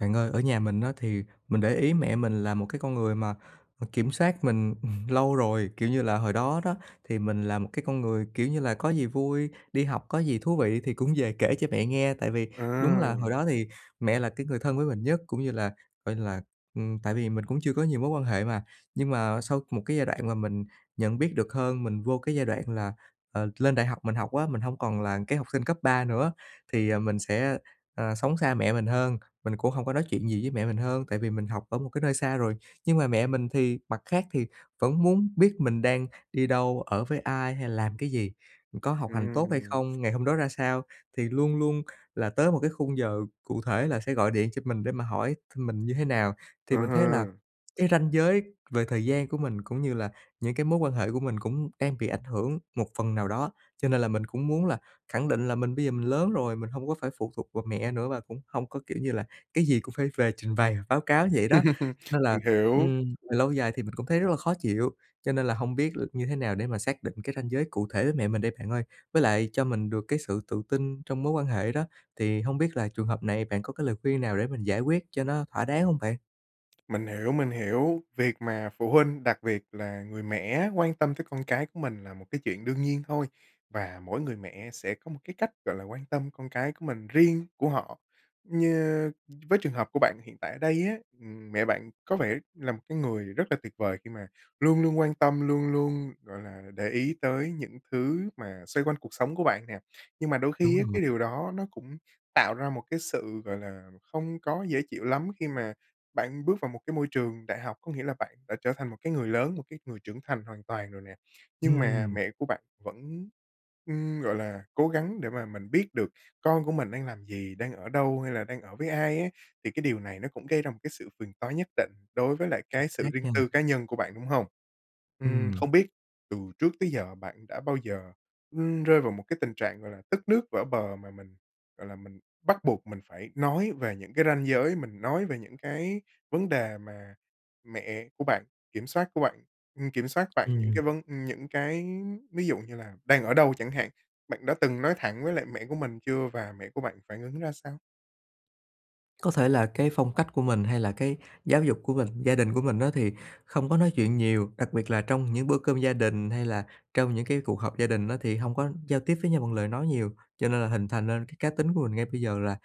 Bạn ơi, ở nhà mình á thì mình để ý mẹ mình là một cái con người mà, ờ, kiểm soát mình, ừ, lâu rồi. Kiểu như là, hồi đó đó, thì mình là một cái con người, kiểu như là, có gì vui, đi học có gì thú vị thì cũng về kể cho mẹ nghe, tại vì đúng là hồi À. đó thì mẹ là cái người thân với mình nhất, cũng như là coi như là, ừm, tại vì mình cũng chưa có nhiều mối quan hệ mà. Nhưng mà sau một cái giai đoạn mà mình nhận biết được hơn, mình vô cái giai đoạn là, ờ, lên đại học mình học á, mình hông còn là cái học sinh cấp 3 nữa, thì mình sẽ, ờ, sống xa mẹ mình hơn, mình cũng hông có nói chuyện gì với mẹ mình hơn, tại vì mình học ở một cái nơi xa rồi. Nhưng mà mẹ mình thì mặt khác thì vẫn muốn biết mình đang đi đâu, ở với ai hay là làm cái gì, có học hành tốt hay Ừm. không, ngày hôm đó ra sao? Thì luôn luôn kh là tới một cái khung giờ cụ thể là sẽ gọi điện cho mình để mà hỏi thăm mình như thế nào. Thì Ở mình thấy ha. là cái ranh giới về thời gian của mình cũng như là những cái mối quan hệ của mình cũng đang bị ảnh hưởng một phần nào đó. Cho nên là mình cũng muốn là khẳng định là mình bây giờ mình lớn rồi, mình hông có phải phụ thuộc vào mẹ nữa và cũng hông có, kiểu như là, cái gì cũng phải về trình bày báo cáo vậy đó. Nên là, Mình hiểu. ừm, về lâu dài thì mình cũng thấy rất là khó chịu, cho nên là hông biết l như thế nào để mà xác định cái ranh giới cụ thể với mẹ mình đây bạn ơi? Với lại cho mình được cái sự tự tin trong mối quan hệ đó, thì hông biết là trường hợp này bạn có cái lời khuyên nào để mình giải quét cho nó thỏa đáng hông bạn? Mình hiểu, mình hiểu. Việc mà phụ huynh, đặc biệt là người mẹ á quan tâm tới con cái của mình là một cái chuyện đương nhiên thôi, và mỗi người mẹ sẽ có một cái cách, gọi là, quan tâm con cái của mình riêng của họ. Như với trường hợp của bạn hiện tại ở đây á, ừm, mẹ bạn có vẻ là một cái người rất là tuyệt vời khi mà luôn luôn quan tâm, luôn luôn, gọi là, để ý tới những thứ mà xoay quanh cuộc sống của bạn nè. Nhưng mà đôi Đúng khi á rồi. cái điều đó nó cũng tạo ra một cái sự, gọi là, không có dễ chịu lắm khi mà bạn bước vào một cái môi trường đại học, có nghĩa là bạn đã trở thành một cái người lớn, một cái người trưởng thành hoàn toàn rồi nè. Nhưng mà Ừm. mẹ của bạn vẫn, ưm, gọi là cố gắng để mà mình biết được con của mình đang làm gì? Đang ở đâu, hay là đang ở với ai á? Thì cái điều này nó cũng gây ra một cái sự phiền toái nhất định đối với lại cái sự [unintelligible] riêng nhân. tư cá nhân của bạn, đúng hông? Ừm, Ừm. không biết từ trước tới giờ bạn đã bao giờ, ưm, rơi vào một cái tình trạng, gọi là, tức nước vỡ bờ, mà mình, gọi là, mình bắt buộc mình phải nói về những cái ranh giới, mình nói về những cái vấn đề mà mẹ của bạn kiểm soát của bạn ừm, kiểm soát bạn những Ừm. cái vấn ừ, những cái ví dụ như là đang ở đâu chẳng hạn. Bạn đã từng nói thẳng với lại mẹ của mình chưa và mẹ của bạn phản ứng ra sao? Có thể là cái phong cách của mình hay là cái giáo dục của mình, gia đình của mình á thì không có nói chuyện nhiều, đặc biệt là trong những bữa cơm gia đình, hay là trong những cái cuộc họp gia đình á thì hông có giao tiếp với nhau bằng lời nói nhiều. Cho nên là hình thành nên cái cá tính của mình ngay bây giờ là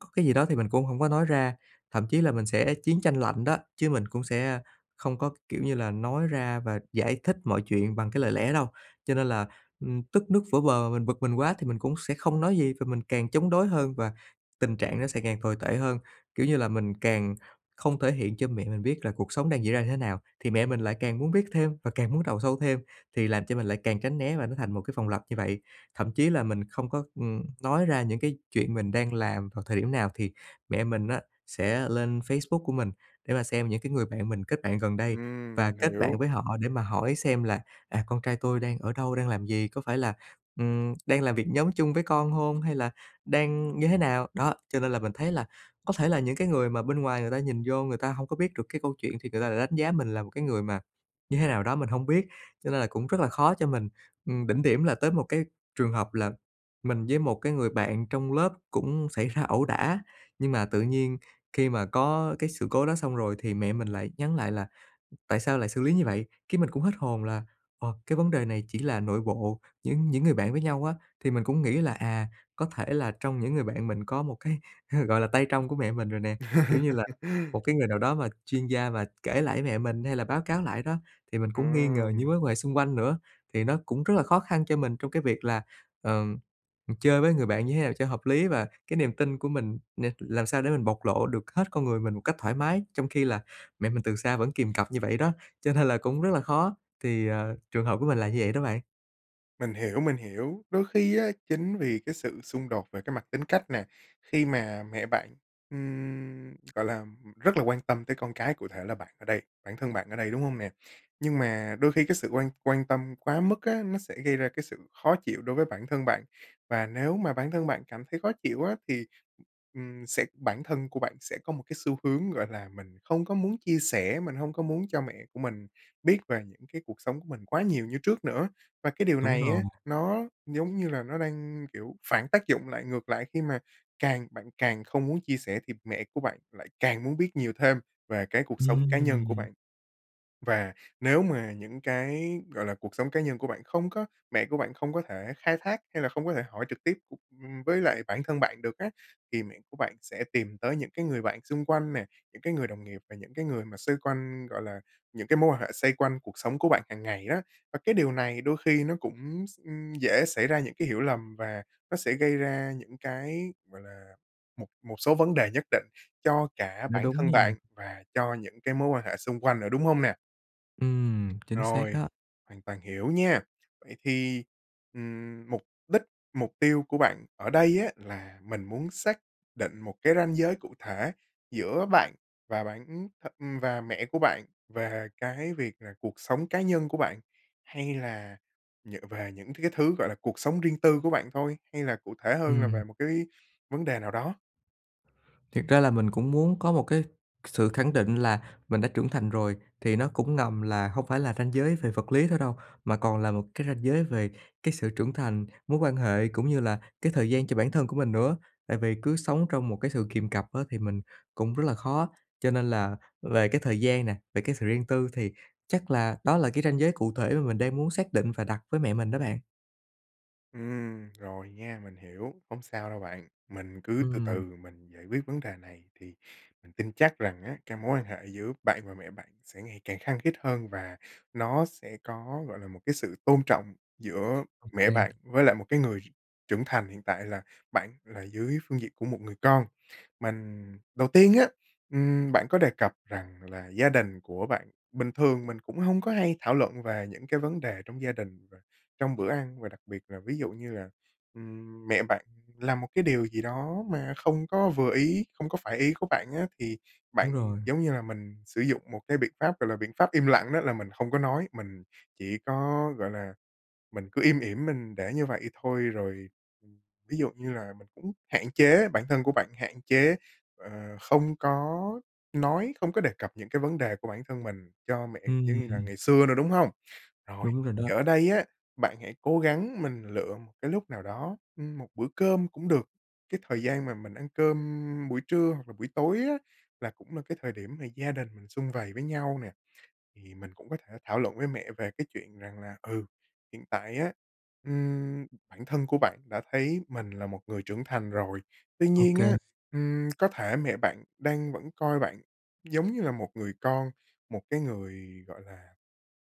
có cái gì đó thì mình cũng hổng có nói ra. Thậm chí là mình sẽ chiến tranh lạnh đó, chứ mình cũng sẽ không có, kiểu như là, nói ra và giải thích mọi chuyện bằng cái lời lẽ đâu. Cho nên là, ưm, tức nước vỡ bờ, mình bực mình quá thì mình cũng sẽ không nói gì và mình càng chống đối hơn và tình trạng nó sẽ càng tồi tệ hơn, kiểu như là, mình càng không thể hiện cho mẹ mình biết là cuộc sống đang diễn ra như thế nào thì mẹ mình lại càng muốn biết thêm và càng muốn đào sâu thêm, thì làm cho mình lại càng tránh né và nó thành một cái vòng lặp như vậy. Thậm chí là mình không có, ừm, nói ra những cái chuyện mình đang làm vào thời điểm nào, thì mẹ mình á sẽ lên Facebook của mình để mà xem những cái người bạn mình kết bạn gần đây và Ừm, mình kết bạn hiểu. với họ để mà hỏi xem là, à: "Con trai tôi đang ở đâu, đang làm gì, có phải là, ừm, đang làm việc nhóm chung với con hông hay là đang như thế nào?" Đó, cho nên là mình thấy là có thể là những cái người mà bên ngoài người ta nhìn vô người ta hông có biết được cái câu chuyện thì người ta lại đánh giá mình là một cái người mà như thế nào đó mình hông biết, cho nên là cũng rất là khó cho mình. Ừm, đỉnh điểm là tới một cái trường hợp là mình với một cái người bạn trong lớp cũng xảy ra ẩu đả, nhưng mà tự nhiên khi mà có cái sự cố đó xong rồi thì mẹ mình lại nhắn lại là "Tại sao lại xử lý như vậy?" Cái mình cũng hết hồn là, ồ, cái vấn đề này chỉ là nội bộ những những người bạn với nhau á, thì mình cũng nghĩ là, à, có thể là trong những người bạn mình có một cái, gọi là, tay trong của mẹ mình rồi nè. Kiểu như là, một cái người nào đó mà chuyên gia mà kể lại với mẹ mình hay là báo cáo lại đó, thì mình cũng nghi ngờ Ừm. những mối quan hệ xung quanh nữa. Thì nó cũng rất là khó khăn cho mình trong cái việc là, ờ, ừ, chơi với người bạn như thế nào cho hợp lý và cái niềm tin của mình nè, làm sao để mình bộc lộ được hết con người mình một cách thoải mái, trong khi là mẹ mình từ xa vẫn kìm cặp như vậy đó. Cho nên là cũng rất là khó, thì, ờ, trường hợp của mình là như vậy đó bạn. Mình hiểu, mình hiểu, đôi khi á, chính vì cái sự xung đột về cái mặt tính cách nè, khi mà mẹ bạn, ừm, gọi là, rất là quan tâm tới con cái, cụ thể là bạn ở đây bản thân bạn ở đây, đúng hông nè? Nhưng mà đôi khi cái sự quan quan tâm quá mức á, nó sẽ gây ra cái sự khó chịu đối với bản thân bạn. Và nếu mà bản thân bạn cảm thấy khó chịu á thì, ừm, sẽ bản thân của bạn sẽ có một cái xu hướng, gọi là, mình không có muốn chia sẻ, mình hông có muốn cho mẹ của mình biết về những cái cuộc sống của mình quá nhiều như trước nữa. Và cái điều Đúng này rồi. á, nó giống như là nó đang, kiểu, phản tác dụng lại ngược lại, khi mà càng bạn càng không muốn chia sẻ thì mẹ của bạn lại càng muốn biết nhiều thêm về cái cuộc sống cá nhân của Ừm. bạn. Và nếu mà những cái, gọi là, cuộc sống cá nhân của bạn không có mẹ của bạn không có thể khai thác, hay là không có thể hỏi trực tiếp, ưm, với lại bản thân bạn được á, thì mẹ của bạn sẽ tìm tới những cái người bạn xung quanh nè, những cái người đồng nghiệp, và những cái người mà xoay quanh, gọi là, những cái mối quan hệ xoay quanh cuộc sống của bạn hằng ngày á. Và cái điều này đôi khi nó cũng s ừm, dễ xảy ra những cái hiểu lầm, và nó sẽ gây ra những cái, gọi là, một một số vấn đề nhất định cho cả Nói bản đúng thân nha. bạn và cho những cái mối quan hệ xung quanh nữa, đúng hông nè? Ừm, chính xác Rồi, đó. hoàn toàn hiểu nha. Vậy thì, ừm, mục đích, mục tiêu của bạn ở đây á, là mình muốn xác định một cái ranh giới cụ thể giữa bạn và bạn ừm, th ừm, và mẹ của bạn về cái việc là cuộc sống cá nhân của bạn? Hay là nhờ về những cái thứ, gọi là, cuộc sống riêng tư của bạn thôi? Hay là cụ thể hơn là Ừm. về một cái vấn đề nào đó? Thiệt ra là mình cũng muốn có một cái sự khẳng định là mình đã trưởng thành rồi, thì nó cũng ngầm là hông phải là ranh giới về vật lý thôi đâu, mà còn là một cái ranh giới về cái sự trưởng thành, mối quan hệ cũng như là cái thời gian cho bản thân của mình nữa. Tại vì cứ sống trong một cái sự kiềm cặp á, thì mình cũng rất là khó. Cho nên là về cái thời gian nè, về cái sự riêng tư thì chắc là đó là cái ranh giới cụ thể mà mình đang muốn xác định và đặt với mẹ mình đó bạn. Ừm, rồi nha. Mình hiểu, hổng sao đâu bạn. Mình cứ từ từ Ừm. m mình giải quyết vấn đề này thì mình tin chắc rằng á, cái mối quan hệ giữa bạn và mẹ bạn sẽ ngày càng khăng khít hơn và nó sẽ có, gọi là, một cái sự tôn trọng giữa mẹ bạn OK. với lại một cái người trưởng thành hiện tại là bạn là dưới phương diện của một người con. Mành đầu tiên á, ừm, bạn có đề cập rằng là gia đình của bạn bình thường mình cũng hông có hay thảo luận về những cái vấn đề trong gia đình và trong bữa ăn và đặc biệt là, ví dụ như là, ừm, mẹ bạn làm một cái điều gì đó mà không có vừa ý, không có phải ý của bạn á, thì bạn, Đúng rồi. giống như là, mình sử dụng một cái biện pháp, gọi là, biện pháp im lặng, đó là mình không có nói, mình chỉ có, gọi là, mình cứ im ỉm mình để như vậy thôi. Rồi, ừm, ví dụ như là mình cũng hạn chế, bản thân của bạn, hạn chế, ờ, không có nói, không có đề cập những cái vấn đề của bản thân mình cho mẹ giống như là Ừm. ngày xưa nữa, đúng hông? Rồi, Đúng rồi đó. thì ở đây á, bạn hãy cố gắng mình lựa một cái lúc nào đó, ừm, một bữa cơm cũng được, cái thời gian mà mình ăn cơm, ưm, buổi trưa hoặc là buổi tối á, là cũng là cái thời điểm mà gia đình mình sum vầy với nhau nè, thì mình cũng có thể thảo luận với mẹ về cái chuyện rằng là, ừ, hiện tại á, ừm, bản thân của bạn đã thấy mình là một người trưởng thành rồi. Tuy nhiên á, OK. ừm, có thể mẹ bạn đang vẫn coi bạn giống như là một người con, một cái người, gọi là,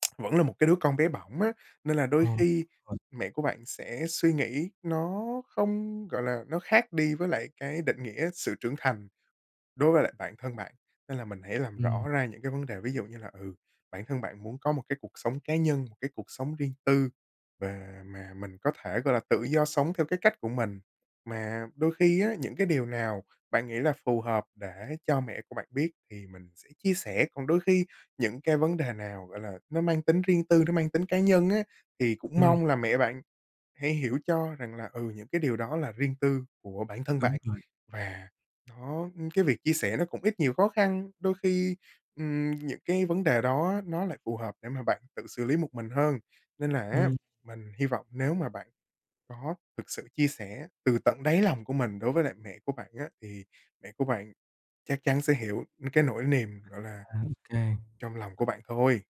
vẫn là một cái đứa con bé bỏng á, nên là đôi Ồ, khi [unintelligible] mẹ của bạn sẽ suy nghĩ nó không gọi là, nó khác đi với lại cái định nghĩa sự trưởng thành đối với lại bản thân bạn. Nên là mình hãy làm Ừm. rõ ra những cái vấn đề, ví dụ như là, ừ, bản thân bạn muốn có một cái cuộc sống cá nhân, một cái cuộc sống riêng tư và mà mình có thể, gọi là, tự do sống theo cái cách của mình. Mà đôi khi á, những cái điều nào bạn nghĩ là phù hợp để cho mẹ của bạn biết thì mình sẽ chia sẻ, còn đôi khi những cái vấn đề nào, gọi là, nó mang tính riêng tư, nó mang tính cá nhân á, thì cũng Ừm. mong là mẹ bạn hãy hiểu cho rằng là, ừ, những cái điều đó là riêng tư của bản thân Đúng bạn rồi. và nó ưm, cái việc chia sẻ nó cũng ít nhiều khó khăn. Đôi khi, ừm, những cái vấn đề đó nó lại phù hợp để mà bạn tự xử lý một mình hơn. Nên là á, Ừm. mình hy vọng nếu mà bạn có thực sự chia sẻ từ tận đáy lòng của mình đối với lại mẹ của bạn á, thì mẹ của bạn chắc chắn sẽ hiểu cái nỗi niềm, gọi là, À, OK. trong lòng của bạn thôi.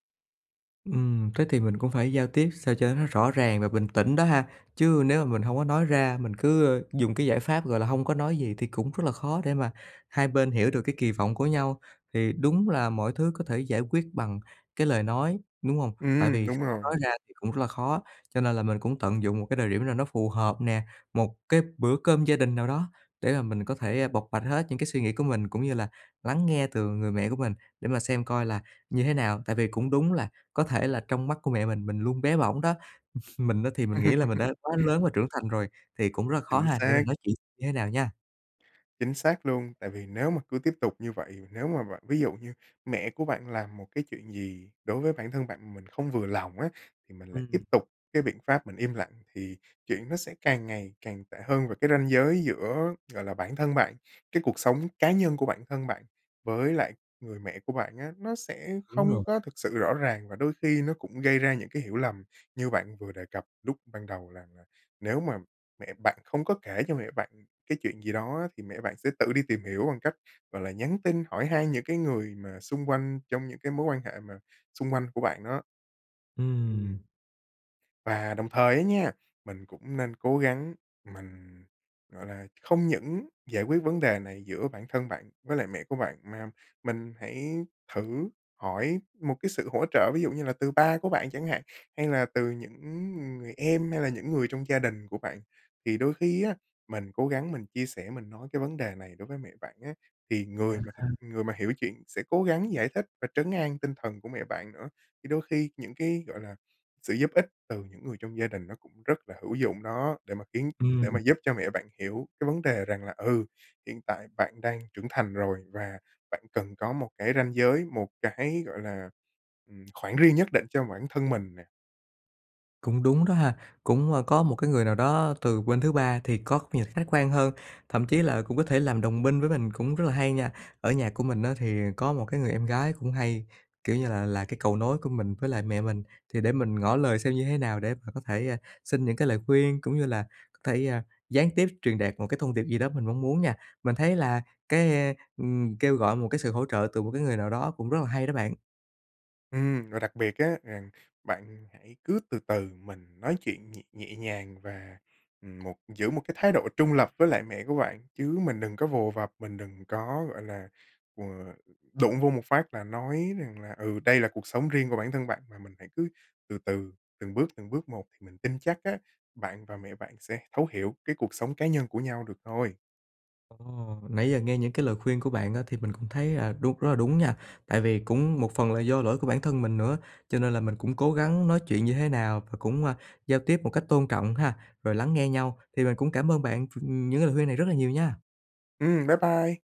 Ừm, thế thì mình cũng phải giao tiếp sao cho nó rõ ràng và bình tĩnh đó ha. Chứ nếu mà mình hông có nói ra, mình cứ, ơ, dùng cái giải pháp, gọi là, hông có nói gì thì cũng rất là khó để mà hai bên hiểu được cái kỳ vọng của nhau. Thì đúng là mọi thứ có thể giải quyết bằng cái lời nói, đúng hông? Tại Ừm, vì đúng không có nói rồi. ra thì cũng rất là khó, cho nên là mình cũng tận dụng một cái thời điểm nào nó phù hợp nè, một cái bữa cơm gia đình nào đó để mà mình có thể, ơ, bộc bạch hết những cái suy nghĩ của mình, cũng như là lắng nghe từ người mẹ của mình để mà xem coi là như thế nào. Tại vì cũng đúng là, có thể là trong mắt của mẹ mình, mình luôn bé bỏng đó. Mình á, thì mình nghĩ là mình đã quá lớn và trưởng thành rồi, thì cũng rất là khó Chính ha, để mình xác. nói chuyện như thế nào nha. Chính xác luôn. Tại vì nếu mà cứ tiếp tục như vậy, nếu mà bạn ví dụ như mẹ của bạn làm một cái chuyện gì đối với bản thân bạn, mình không vừa lòng á, thì mình lại Ừm, tiếp ừm. tục cái biện pháp mình im lặng, thì chuyện nó sẽ càng ngày càng tệ hơn. Và cái ranh giới giữa, gọi là, bản thân bạn, cái cuộc sống cá nhân của bản thân bạn với lại người mẹ của bạn á, nó sẽ Đúng không rồi. có thực sự rõ ràng và đôi khi nó cũng gây ra những cái hiểu lầm như bạn vừa đề cập lúc ban đầu rằng là nếu mà mẹ bạn không có kể cho mẹ bạn cái chuyện gì đó á, thì mẹ bạn sẽ tự đi tìm hiểu bằng cách, gọi là, nhắn tin hỏi han những cái người mà xung quanh, trong những cái mối quan hệ mà xung quanh của bạn đó. Ừm. Ừm. Và đồng thời á nha, mình cũng nên cố gắng, mình, gọi là, không những giải quyết vấn đề này giữa bản thân bạn với lại mẹ của bạn, mà mình hãy thử hỏi một cái sự hỗ trợ ví dụ như là từ ba của bạn chẳng hạn, hay là từ những, ứ, ừ, người em hay là những người trong gia đình của bạn. Thì đôi khi á, mình cố gắng mình chia sẻ, mình nói cái vấn đề này đối với mẹ bạn á, thì À người mà thực ha. người mà hiểu chuyện sẽ cố gắng giải thích và trấn an tinh thần của mẹ bạn nữa. Thì đôi khi những cái, gọi là, sự giúp ích từ những người trong gia đình nó cũng rất là hữu dụng đó, để mà khiến để mà Ừm. giúp cho mẹ bạn hiểu cái vấn đề rằng là, ừ, hiện tại bạn đang trưởng thành rồi và bạn cần có một cái ranh giới, một cái, gọi là, ừm, khoảng riêng nhất định cho bản thân mình nè. Cũng đúng đó ha. Cũng, ơ, có một cái người nào đó từ bên thứ ba thì góc nhìn khách quan hơn, thậm chí là cũng có thể làm đồng minh với mình cũng rất là hay nha. Ở nhà của mình á thì có một cái người em gái cũng hay, kiểu như là, là cái cầu nối của mình với lại mẹ mình thì để mình ngỏ lời xem như thế nào để mà có thể, à, xin những cái lời khuyên, cũng như là có thể, à, gián tiếp truyền đạt một cái thông điệp gì đó mình mong muốn nha. Mình thấy là cái, a, ừm, kêu gọi một cái sự hỗ trợ từ một cái người nào đó cũng rất là hay đó bạn. Ừm, và đặc biệt á, rằng bạn hãy cứ từ từ mình nói chuyện nhẹ nhẹ nhàng và, ừm, một giữ một cái thái độ trung lập với lại mẹ của bạn, chứ mình đừng có vồ vập, mình đừng có, gọi là, ờ, đụng vô một phát là nói rằng là: ừ, đây là cuộc sống riêng của bản thân bạn, mà mình hãy cứ từ từ, từng bước từng bước một, thì mình tin chắc á, bạn và mẹ bạn sẽ thấu hiểu cái cuộc sống cá nhân của nhau được thôi. Ồ, nãy giờ nghe những cái lời khuyên của bạn á thì mình cũng thấy, à, đu rất là đúng nha. Tại vì cũng một phần là do lỗi của bản thân mình nữa, cho nên là mình cũng cố gắng nói chuyện như thế nào và cũng, a, giao tiếp một cách tôn trọng ha, rồi lắng nghe nhau. Thì mình cũng cảm ơn bạn ph ừm, những cái lời khuyên này rất là nhiều nha. Ừm, bye bye.